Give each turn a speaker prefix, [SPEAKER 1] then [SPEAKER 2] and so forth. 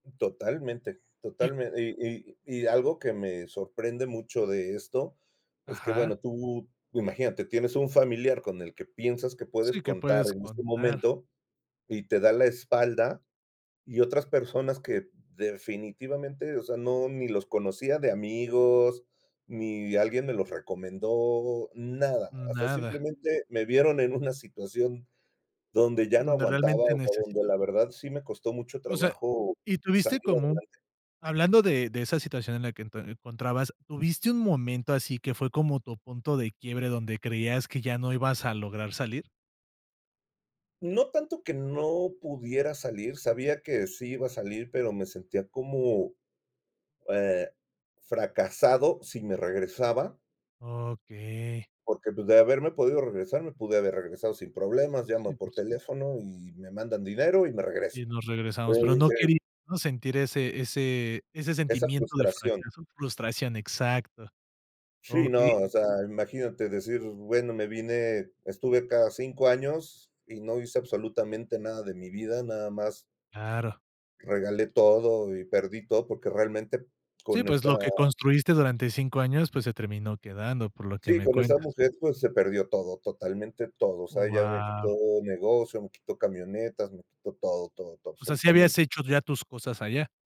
[SPEAKER 1] Totalmente totalme y y y algo que, me sorprende mucho, de esto, es que,
[SPEAKER 2] Ajá.
[SPEAKER 1] bueno, tú, imagínate, tienes un familiar con el que piensas que
[SPEAKER 2] Sí,
[SPEAKER 1] puedes
[SPEAKER 2] que
[SPEAKER 1] contar
[SPEAKER 2] puedes
[SPEAKER 1] en este
[SPEAKER 2] contar.
[SPEAKER 1] momento, y te da la espalda, y otras personas que definitivamente, o sea, no ni los conocía de amigos, ni alguien me los recomendó, nada, o sea,
[SPEAKER 2] Nada.
[SPEAKER 1] simplemente me vieron en una situación donde ya no
[SPEAKER 2] Donde
[SPEAKER 1] aguantaba,
[SPEAKER 2] realmente
[SPEAKER 1] o sea, donde
[SPEAKER 2] necesita
[SPEAKER 1] la verdad, sí me costó mucho
[SPEAKER 2] O sea,
[SPEAKER 1] trabajo
[SPEAKER 2] y
[SPEAKER 1] salir
[SPEAKER 2] tuviste como un
[SPEAKER 1] adelante.
[SPEAKER 2] hablando, de de esa situación en la que te ento encontrabas, ¿tuviste un momento, así que fue, como tu punto de quiebre, donde creías que ya no ibas a lograr salir?
[SPEAKER 1] No tanto que no pudiera salir, sabía que sí iba a salir, pero me sentía, como, eh, fracasado si me regresaba.
[SPEAKER 2] Okey.
[SPEAKER 1] Porque, pues, de haberme podido regresar, me pude haber regresado sin problemas, llamo
[SPEAKER 2] Sí, por
[SPEAKER 1] por
[SPEAKER 2] su
[SPEAKER 1] teléfono y me mandan dinero, y me regreso.
[SPEAKER 2] Y nos regresamos, pero
[SPEAKER 1] Entonces
[SPEAKER 2] no
[SPEAKER 1] dije
[SPEAKER 2] quería uno sentir, ese ese ese
[SPEAKER 1] Esa
[SPEAKER 2] sentimiento de
[SPEAKER 1] frustración.
[SPEAKER 2] fracaso frustración, exacto.
[SPEAKER 1] Sí,
[SPEAKER 2] Okey.
[SPEAKER 1] no, o sea, imagínate decir, bueno, me vine, estuve acá 5 años, y no hice, absolutamente nada de mi vida, nada más
[SPEAKER 2] Claro.
[SPEAKER 1] regalé todo, y perdí todo, porque realmente,
[SPEAKER 2] Sí,
[SPEAKER 1] con
[SPEAKER 2] pues, lo
[SPEAKER 1] esta
[SPEAKER 2] que construiste, durante 5 años, pues, se terminó quedando, por lo que
[SPEAKER 1] sí,
[SPEAKER 2] me
[SPEAKER 1] con esa
[SPEAKER 2] cuentas.
[SPEAKER 1] mujer, pues, se perdió todo, totalmente todo, o
[SPEAKER 2] Oh,
[SPEAKER 1] sea, ella me quitó
[SPEAKER 2] guau.
[SPEAKER 1] negocio, me quitó camionetas, me quitó, todo, todo, todo
[SPEAKER 2] O sea, ¿sí
[SPEAKER 1] absolutamente.
[SPEAKER 2] habías hecho ya tus cosas allá?